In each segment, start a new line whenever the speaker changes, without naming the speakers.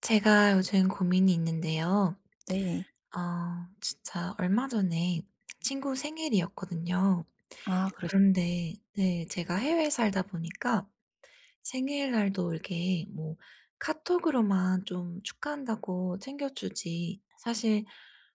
제가 요즘 고민이 있는데요.
네.
어 진짜 얼마 전에 친구 생일이었거든요.
아 그러셨
그런데 네 제가 해외에 살다 보니까 생일날도 이렇게 뭐 카톡으로만 좀 축하한다고 챙겨 주지 사실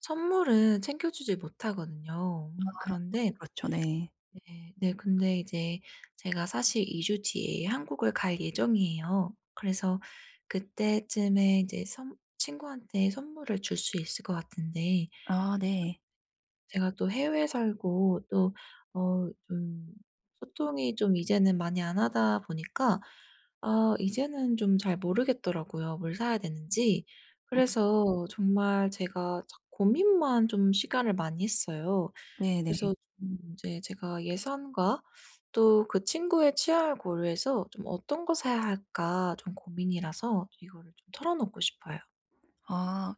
선물은 챙겨 주지 못하거든요. 음
아
그런데
그렇죠 네.
네. 네, 근데 이제 제가 사실 2 주 뒤에 한국을 갈 예정이에요. 그래서 그때쯤에 이제 선 친구한테 선물을 줄 수 있을 것 같은데
아 네.
제가 또 해외에 살고 또 어 좀 소통이 좀 이제는 많이 안 하다 보니까 아 이제는 좀 잘 모르겠더라고요, 뭘 사야 되는지. 그래서 정말 제가 자꾸 고민만 좀 시간을 많이 써요.
네네.
그래서 좀 이제 제가 예산과 또 그 친구의 취향을 고려해서 좀 '어떤 거 사야 할까.' 좀 고민이라서 이거를 좀 털어 놓고 싶어요.
아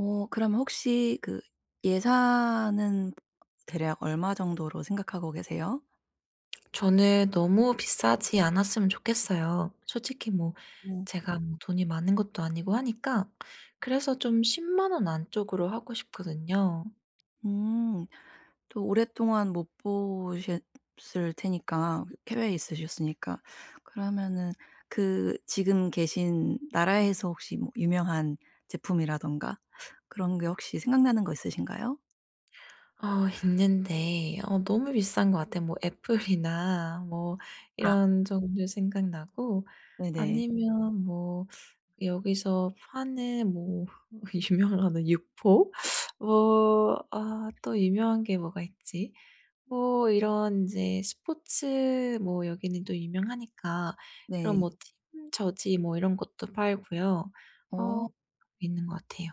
어 그러면 혹시 그 예산은 대략 얼마정도로 생각하고 계세요?
저는 너무 비싸지 않았으면 좋겠어요. 솔직히 뭐
음.
제가 뭐 돈이 많은 것도 아니고 하니까 그래서 좀 100,000 원 안쪽으로 하고 싶거든요.
음 또 오랫동안 못 보셨을 테니까 그 해외에 있으셨으니까 그러면은 그 지금 계신 나라에서 혹시 뭐 유명한 제품이라든가 그런 게 혹시 생각나는 거 있으신가요?
어 있는데 어 너무 비싼 거 같아요. 뭐 애플이나 뭐
아.
이런 정도 생각나고
네네.
아니면 뭐 여기서 파는 뭐 어 유명하는 육포? 뭐 아 또 유명한 게 뭐가 있지? 어 이런 이제 스포츠 뭐 여기는 또 유명하니까 그런
네.
뭐 팀 저지 뭐 이런 것도 팔고요. 어
어.
있는 것 같아요.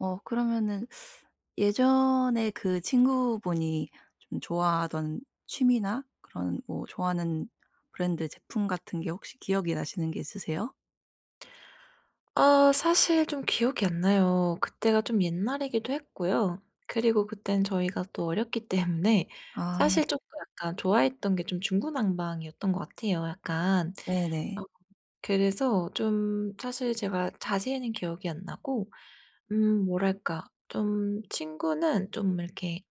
어 그러면은 예전에 그 친구분이 좀 좋아하던 취미나 그런 뭐 좋아하는 브랜드 제품 같은 게 혹시 기억이 나시는 게 있으세요?
아 사실 좀 기억이 안 나요. 그때가 좀 옛날이기도 했고요. 그리고 그때는 저희가 또 어렸기 때문에
아.
사실 쪼끔 약간 좋아했던 게 좀 중구난방이었던 것 같아요 약간.
네네.
어 그래서 좀 사실 제가 자세히는 기억이 안 나고 음 뭐랄까 좀 친구는 좀 이렇게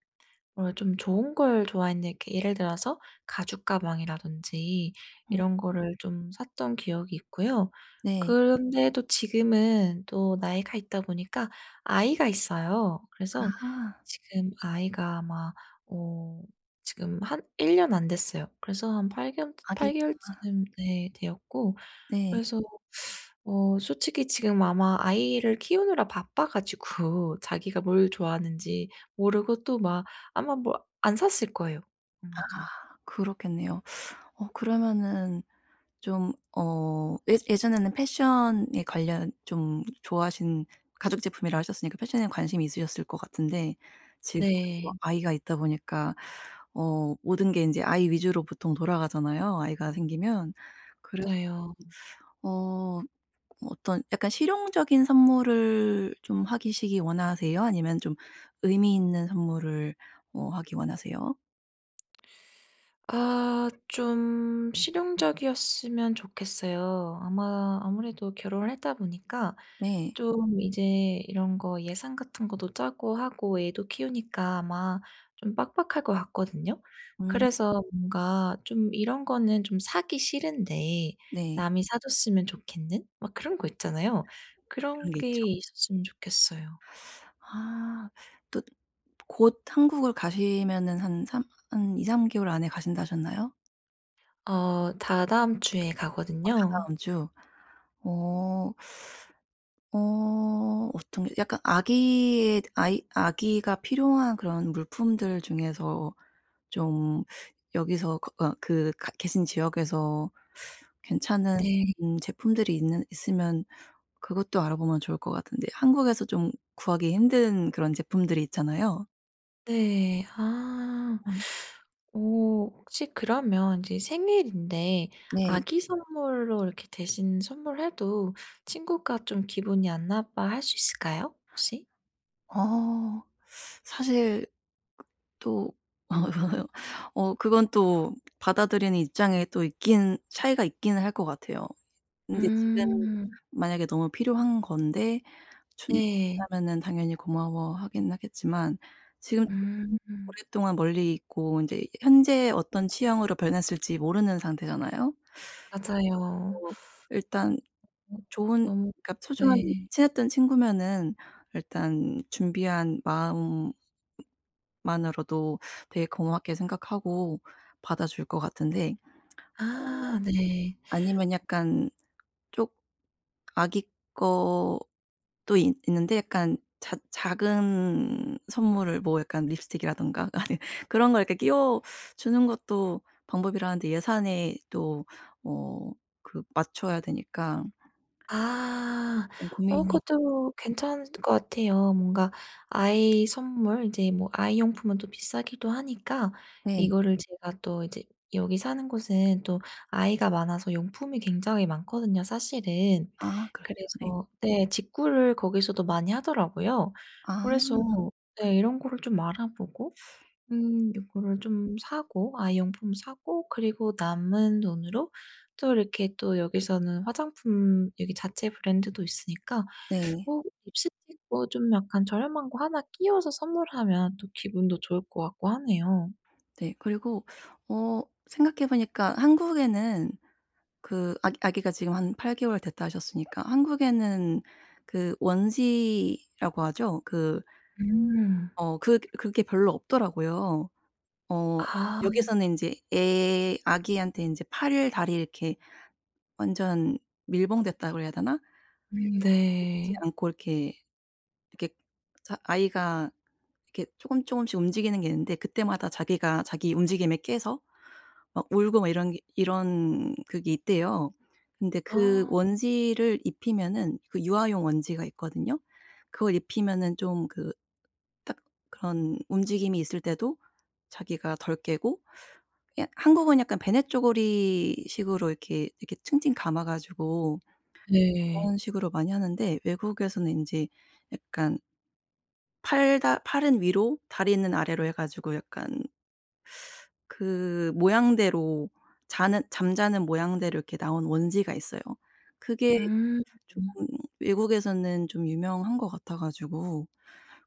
뭔가 좀 좋은 걸 좋아했는 게 예를 들어서 가죽 가방이라든지
음.
이런 거를 좀 샀던 기억이 있고요.
네.
그런데도 지금은 또 나이가 있다 보니까 아이가 있어요. 그래서
아.
지금 아이가 아마 어 지금 한 1 년 안 됐어요. 그래서 한 팔개월쯔
아기 있구나.
팔개월쯤 ...예 되었고
네.
그래서 어 솔직히 지금 아마 아이를 키우느라 바빠 가지고 자기가 뭘 좋아하는지 모르고 또 막 아마 뭐 안 샀을 거예요,
아
아마도.
그렇겠네요. 어 그러면은 좀 어 예 예전에는 패션에 관련 좀 좋아하신 가죽 제품이라 하셨으니까 패션에 관심이 있으셨을 것 같은데 지금은 또
네.
아이가 있다 보니까 어 모든 게 인제 아이 위주로 보통 돌아가잖아요, 아이가 생기면. 그래서
맞아요.
좀 어 뭐 어떤 약간 실용적인 선물을 좀 하시기 원하세요? 아니면 좀 의미있는 선물을 뭐 하기 원하세요?
아 좀 실용적이었으면 좋겠어요. 아마 아무래도 결혼을 했다 보니까
네.
좀 이제 이런 거 예산 같은 것도 짜고 하고 애도 키우니까 아마 좀 빡빡할 것 같거든요.
음.
그래서 뭔가 좀 이런 거는 좀 사기 싫은데
네.
남이 사줬으면 좋겠는 막 그런 거 있잖아요. 그런
그런 게
게
있죠.
있었으면 좋겠어요.
아 또 곧 한국을 가시면은 한 3 한 2-3 개월 안에 가신다 하셨나요?
어 다다음 주에
어
가거든요.
다다음 주. 어. 어 어떤 게 약간 아기의 아이 아기가 필요한 그런 물품들 중에서 좀 여기서 그 어 그 가 계신 지역에서 괜찮은
네.
음 제품들이 있는 있으면 그것도 알아보면 좋을 것 같은데 한국에서 좀 구하기 힘든 그런 제품들이 있잖아요.
네. 아.
음.
어 혹시 그러면 인제 생일인데
네.
아기 선물로 이렇게 대신 선물해도 친구가 좀 기분이 안 나빠할 수 있을까요 혹시?
어 사실 또 어 그건 또 받아들이는 입장에 또 있기는 차이가 있기는 할 것 같아요. 근데 지금
음.
만약에 너무 필요한 건데 준
네.
준다면은 당연히 고마워하기는 하겠지만 지금 또
음.
오랫동안 멀리 있고 인제 현재 어떤 취향으로 변했을지 모르는 상태잖아요?
맞아요.
어 일단 좋은
너무
그니까 소중한
네.
친했던 친구면은 일단 준비한 마음만으로도 되게 고맙게 생각하고 받아줄 것 같은데 어
아 네.
아니면 약간 쪼 아기 것도 이 있는데 약간 작 작은 선물을 뭐 약간 립스틱이라든가 아니 그런 걸 이렇게 끼워주는 것도 방법이라 하는데 예산에 또 뭐 그 맞춰야 되니까
아.
어
어
고민이
그것도 괜찮을 것 같아요. 뭔가 아이 선물 인제 뭐 아이 용품은 또 비싸기도 하니까
네.
이거를 제가 또 이제 여기 사는 곳은 또 아이가 많아서 용품이 굉장히 많거든요 사실은.
아 그렇죠. 네.
그래서 네 직구를 거기서도 많이 하더라고요.
아.
그래서 네 이런 거를 좀 알아보고 음 이거를 좀 사고 아이 용품 사고 그리고 남은 돈으로 또 이렇게 또 여기서는 화장품 여기 자체 브랜드도 있으니까
네.
어 립스틱도 좀 약간 저렴한 거 1 끼워서 선물하면 또 기분도 좋을 것 같고 하네요.
네. 그리고 어 생각해 보니까 한국에는 그 아기 아기가 지금 한 8 개월 됐다 하셨으니까 한국에는 그 원지라고 하죠. 그
음.
어 그 그게 별로 없더라고요. 어
아.
여기서는 인제 애 아기한테 인제 팔을 다리를 이렇게 완전 밀봉됐다 그래야 되나?
음
눕지
네.
않고 이렇게 이렇게 자 아이가 이렇게 쪼금 쪼금씩 움직이는 게 있는데 그때마다 자기가 자기 움직임에 깨서 막 울고 막 이런 게 이런 그게 있대요. 근데 그
아.
원지를 입히면은 그 유아용 원지가 있거든요. 그걸 입히면은 좀 그 딱 그런 움직임이 있을 때도 자기가 덜 깨고 그냥 한국은 약간 배냇저고리 식으로 이렇게 이렇게 칭칭 감아 가지고
네.
그런 식으로 많이 하는데 외국에서는 인제 약간 팔다 팔은 위로 다리는 아래로 해 가지고 약간 그 모양대로 자는 잠자는 모양대로 이렇게 나온 원지가 있어요. 그게
음.
쪼금 외국에서는 좀 유명한 것 같아 가지고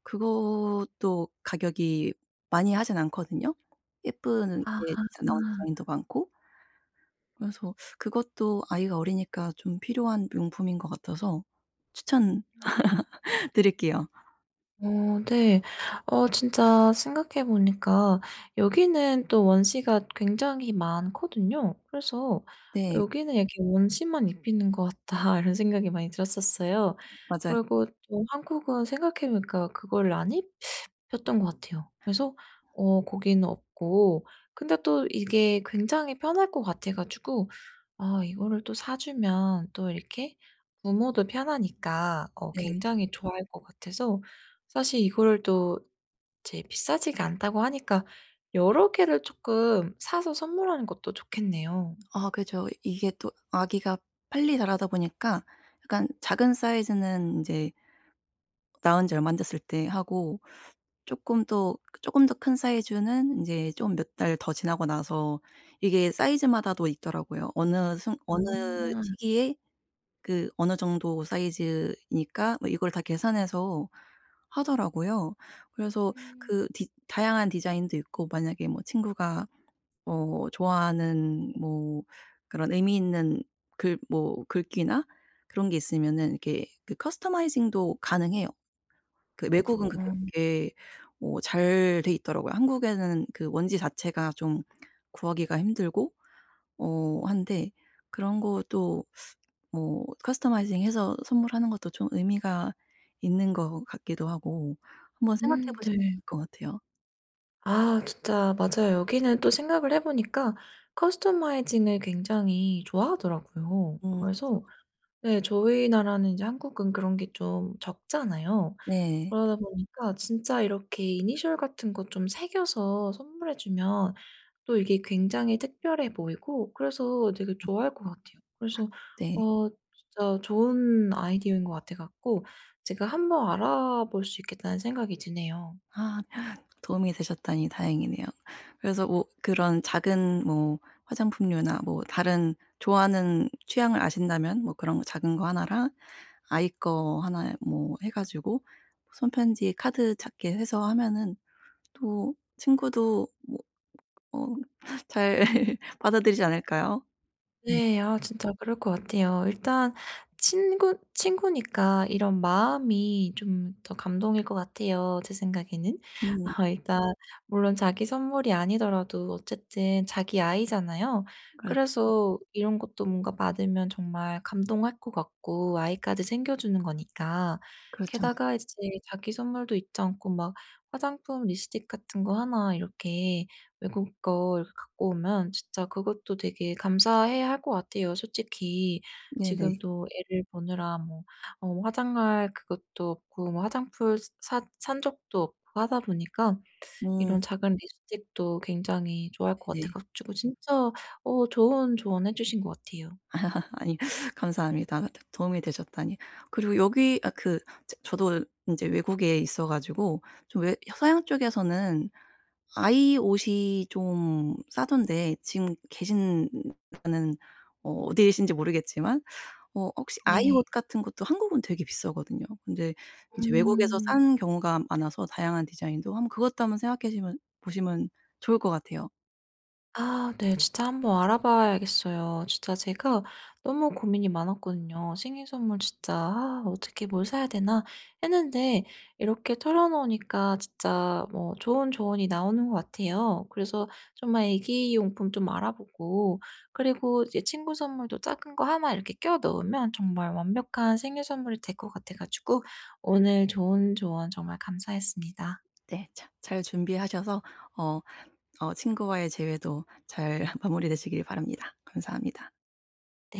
그것도 가격이 많이 하지는 않거든요. 예쁘게
아.
이제 나온 디자인도 많고 그래서 그것도 아이가 어리니까 좀 필요한 용품인 것 같아서 추천
음.
드릴게요.
어 네. 어 진짜 생각해 보니까 여기는 또 원지가 굉장히 많거든요. 그래서
네.
'여기는 이렇게 원지만 입히는 것 같다.' 이런 생각이 많이 들었었어요.
맞아요.
그리고 또 한국은 생각해 보니까 그거를 안 입혔던 것 같아요. 그래서 어 거기는 없고 근데 또 이게 굉장히 편할 것 같아 가지고 아 이거를 또 사주면 또 이렇게 부모도 편하니까 어
네.
굉장히 좋아할 것 같아서 사실 이거를 또 이제 비싸지가 않다고 하니까 여러 개를 쪼끔 사서 선물하는 것도 좋겠네요.
아 그죠. 이게 또 아기가 빨리 자라다 보니까 약간 작은 사이즈는 인제 나온 지 얼마 안 됐을 때 하고 쪼끔 또 그 쪼끔 더 큰 사이즈는 인제 좀 몇 달 더 지나고 나서 이게 사이즈마다도 있더라고요. 어느 순 어느
음.
시기에 그 어느 정도 사이즈이니까 뭐 이걸 다 계산해서 하더라고요. 그래서
음.
그 디 다양한 디자인도 있고 만약에 뭐 친구가 어 좋아하는 뭐 그런 의미 있는 글 뭐 글귀나 그런 게 있으면은 이렇게 그 커스터마이징도 가능해요. 그 외국은 그게
아.
되게 어 잘 돼 있더라고요. 한국에는 그 원지 자체가 좀 구하기가 힘들고 어 한데 그런 것도 뭐 커스터마이징해서 선물하는 것도 좀 의미가 있는 것 같기도 하고 한번 생각해
음
보시
네.
[unintelligible] 것 같아요.
아 진짜 맞아요. 여기는 또 생각을 해 보니까 커스터마이징을 굉장히 좋아하더라고요.
어.
그래서 네 저희 나라는 이제 한국은 그런 게 좀 적잖아요.
네.
그러다 보니까 진짜 이렇게 이니셜 같은 거 좀 새겨서 선물해 주면 또 이게 굉장히 특별해 보이고 그래서 되게 좋아할 것 같아요. 그래서
네.
어 진짜 좋은 아이디어인 것 같아 갖고 제가 한번 알아볼 수 있겠다는 생각이 드네요.
아 도움이 되셨다니 다행이네요. 그래서 뭐 그런 작은 뭐 화장품류나 뭐 다른 좋아하는 취향을 아신다면 뭐 그런 거 작은 거 하나랑 아이 거 하나에 뭐 해 가지고 손 편지에 카드 작게 해서 하면은 또 친구도 뭐 어 잘 받아들이지 않을까요? 네.
네. 아 진짜 그럴 것 같아요. 일단 친구 친구니까 이런 마음이 좀 더 감동일 것 같아요 제 생각에는.
네.
아 일단 물론 자기 선물이 아니더라도 어쨌든 자기 아이잖아요.
그렇죠.
그래서 이런 것도 뭔가 받으면 정말 감동할 것 같고 아이까지 챙겨주는 거니까
그렇죠.
게다가 이제 자기 선물도 잊지 않고 막 화장품 립스틱 같은 거 하나 이렇게 외국 거 이렇게 갖고 오면 진짜 그것도 되게 감사해 할 것 같아요. 솔직히
네네.
지금도 애를 보느라 뭐 어 화장할 그것도 없고 뭐 화장품 샀 산 적도 없고 하다 보니까
음.
이런 작은 립스틱도 굉장히 좋아할 것 같아
네.
가지고 진짜 어 좋은 조언해 주신 것 같아요.
아니 감사합니다 아무튼 도움이 되셨다니. 그리고 여기 아 그 저 저도 인제 외국에 있어 가지고 좀 외 서양 쪽에서는 아이 옷이 좀 싸던데 지금 계신느 는 어 어디 계신지 모르겠지만 어 혹시 아이
네.
옷 같은 것도 한국은 되게 비싸거든요. 근데 이제 외국에서
음.
싼 경우가 많아서 다양한 디자인도 한번 그것도 한번 생각해시면 보시면 좋을 것 같아요.
아 네. 진짜 한번 알아봐야겠어요. 진짜 제가 너무 고민이 많았거든요. 생일 선물 진짜 '아 어떻게 뭘 사야 되나?' 했는데 이렇게 털어놓으니까 진짜 뭐 좋은 조언이 나오는 것 같아요. 그래서 정말 애기 용품 좀 알아보고 그리고 이제 친구 선물도 작은 거 하나 이렇게 끼워 넣으면 정말 완벽한 생일 선물이 될 것 같아 가지고 오늘 좋은 조언 정말 감사했습니다.
네. 자 잘 준비하셔서 어 어 친구와의 재회도 잘 마무리 되시길 바랍니다. 감사합니다.
네.